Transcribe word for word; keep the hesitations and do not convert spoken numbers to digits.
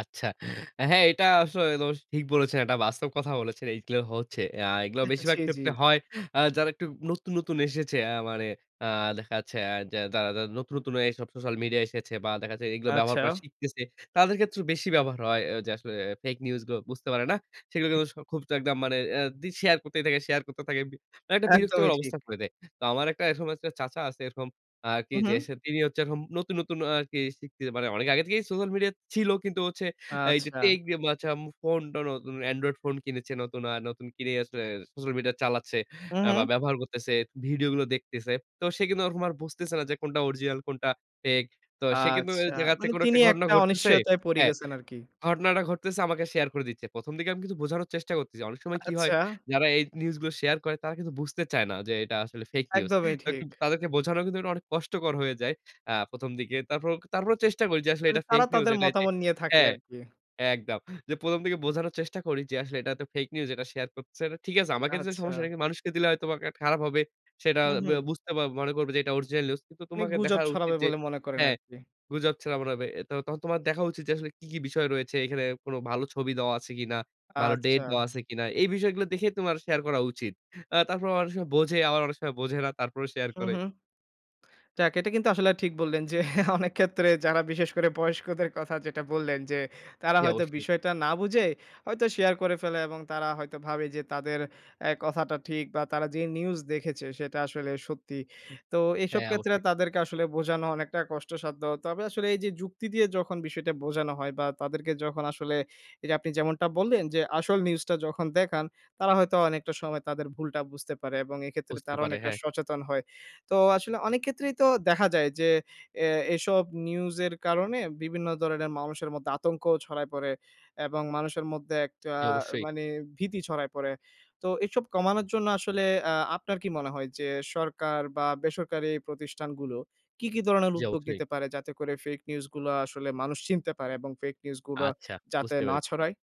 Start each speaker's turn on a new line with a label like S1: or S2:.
S1: আচ্ছা। হ্যাঁ, এটা আস ওস ঠিক বলেছেন। এটা বাস্তব কথা বলেছেন, এইগুলো হচ্ছে। অ্যা এগুলো বেশিরভাগ
S2: ছি, জী।
S1: ক্ষেত্রে হয় অ্যা যারা একটু নতুন, নতুন এসেছে অ্যা মানে অ্যা দেখা যাচ্ছে অ্যা যারা নতুন, নতুন এসব সোশ্যাল মিডিয়া এসেছে বা দেখা যাচ্ছে এগুলো ব্যবহার করা
S2: আচ্ছা।
S1: শিখতেছে। তাদের ক্ষেত্রেও বেশি ব্যবহার হয় যে, আসলে ফেক নিউজ গুলো বুঝতে পারে না। সেগুলো খুব একদম মানে অ্যা রিল শেয়ার করতেই থাকে, শেয়ার করতে থাকে। মানে একটা বিরক্তকর
S2: একদমই ঠিক।
S1: অবস্থা করে দেয়। তো আমার একটা এরকম একটা চাচা আছে এরকম আরকি যে,
S2: উহুম।
S1: তিনি হচ্ছে নতুন, নতুন আরকি শিখতে মানে অনেক আগে থেকেই সোশ্যাল মিডিয়া ছিল কিন্তু হচ্ছে এই যে,
S2: আচ্ছা।
S1: টেক [unintelligible] ফোন টোন নতুন এন্ড্রয়েড ফোন কিনেছে নতুন আ নতুন কিনে আসলে সোশ্যাল মিডিয়া চালাচ্ছে আ বা
S2: উহুম।
S1: ব্যবহার করতেছে, ভিডিওগুলো দেখতেছে। তো সে কিন্তু ওরকম আর বুঝতেছে না যে, কোনটা অরিজিনাল কোনটা ফেক। তো সে কিন্তু
S2: আচ্ছা,
S1: দেখাচ্ছে থেকে
S2: মানে
S1: কোন
S2: তিনি
S1: একটা ঘটনা
S2: একটা
S1: ঘটতেছে,
S2: অনিশ্চয়তায় পড়ে
S1: হ্যাঁ।
S2: গেছেন আরকি।
S1: ঘটনাটা ঘটতেছে আমাকে শেয়ার করে দিচ্ছে। প্রথম দিকে আমি কিন্তু বোঝানোর চেষ্টা করতেছি। অনেক সময় কি হয়
S2: আচ্ছা।
S1: যারা এই নিউজ গুলো শেয়ার করে তারা কিন্তু বুঝতে চায় না যে, এটা আসলে ফেক নিউজ।
S2: একদমই
S1: তো
S2: ঠিক।
S1: তাদেরকে বোঝানো কিন্তু অনেক কষ্টকর হয়ে যায়, অ্যা প্রথম দিকে। তারপরে, তারপরেও চেষ্টা করি যে, আসলে
S2: মানে
S1: এটা ফেক
S2: তারা
S1: নিউজ
S2: তাদের
S1: এটা
S2: মতামত নিয়ে থাকে
S1: হ্যাঁ,
S2: আরকি।
S1: একদম। যে, প্রথম দিকে বোঝানোর চেষ্টা করি যে, আসলে এটা তো ফেক নিউজ এটা শেয়ার করছে, ঠিক আছে। আমাকে তো
S2: আচ্ছা।
S1: সমস্যা কিন্তু মানুষকে দিলে হয়তোবা কা খারাপ হবে। সেটা
S2: হুম,
S1: ব্যা
S2: হুম।
S1: বুঝতে মনে করবে যে, এটা অরিজিনাল নিউজ। কিন্তু
S2: অনেক
S1: তোমাকে দেখা
S2: গুজব
S1: উচিত
S2: ছড়াবে
S1: যে,
S2: বলে মনে করেন
S1: হ্যাঁ।
S2: আর কি।
S1: গুজব ছাড়া মনে হবে। তখন তোমার দেখা উচিত যে, আসলে কী, কী বিষয় রয়েছে। এখানে কোন ভালো ছবি দেওয়া আছে কিনা, ভালো ডেট
S2: আচ্ছা।
S1: দেওয়া আছে কিনা। এই বিষয়গুলো দেখে তোমার শেয়ার করা উচিত। অ্যা তারপর অনেক সময় বোঝে, আবার অনেক সময় বোঝে না, তারপরেও শেয়ার
S2: হুম,
S1: করে।
S2: হুম। যাক এটা কিন্তু আসলে ঠিক বললেন যে, অনেক ক্ষেত্রে যারা বিশেষ করে বয়স্কদের কথা যেটা বললেন যে, তারা
S1: জী,
S2: হয়তো
S1: অবশ্যই।
S2: বিষয়টা না বুঝে হয়তো শেয়ার করে ফেলে এবং তারা হয়তো ভাবে যে, তাদের অ্যা কথাটা ঠিক বা তারা যে, নিউজ দেখেছে সেটা আসলে সত্যি। তো এসব
S1: হ্যাঁ,
S2: ক্ষেত্রে
S1: অবশ্যই।
S2: তাদেরকে আসলে বোঝানো অনেকটা কষ্টসাধ্য। তবে আসলে এই যে, যুক্তি দিয়ে যখন বিষয়টা বোঝানো হয় বা তাদেরকে যখন আসলে এই যে, আপনি যেমনটা বললেন যে, আসল নিউজটা যখন দেখান, তারা হয়তো অনেকটা সময় তাদের ভুলটা বুঝতে পারে এবং এক্ষেত্রে
S1: বুঝতে
S2: তারা
S1: পারে,
S2: অনেকটা
S1: হ্যাঁ।
S2: সচেতন হয়। তো আসলে অনেক ক্ষেত্রেই তো দেখা যায় যে, অ্যা এসব নিউজ এর কারণে বিভিন্ন ধরনের মানুষের মধ্যে আতঙ্ক ছড়ায় পড়ে এবং মানুষের মধ্যে একটা
S1: জী, অবশ্যই।
S2: মানে ভীতি ছড়ায় পড়ে। তো এসব কমানোর জন্য আসলে অ্যা আপনার কি মনে হয় যে, সরকার বা বেসরকারি প্রতিষ্ঠানগুলো কি, কি ধরনের
S1: জী,
S2: উদ্যোগ
S1: অবশ্যই।
S2: নিতে পারে যাতে করে ফেক নিউজ গুলো আসলে মানুষ চিনতে পারে এবং ফেক নিউজগুলো
S1: আচ্ছা,
S2: যাতে
S1: বুঝতে
S2: না
S1: পেরেছি।
S2: ছড়ায়?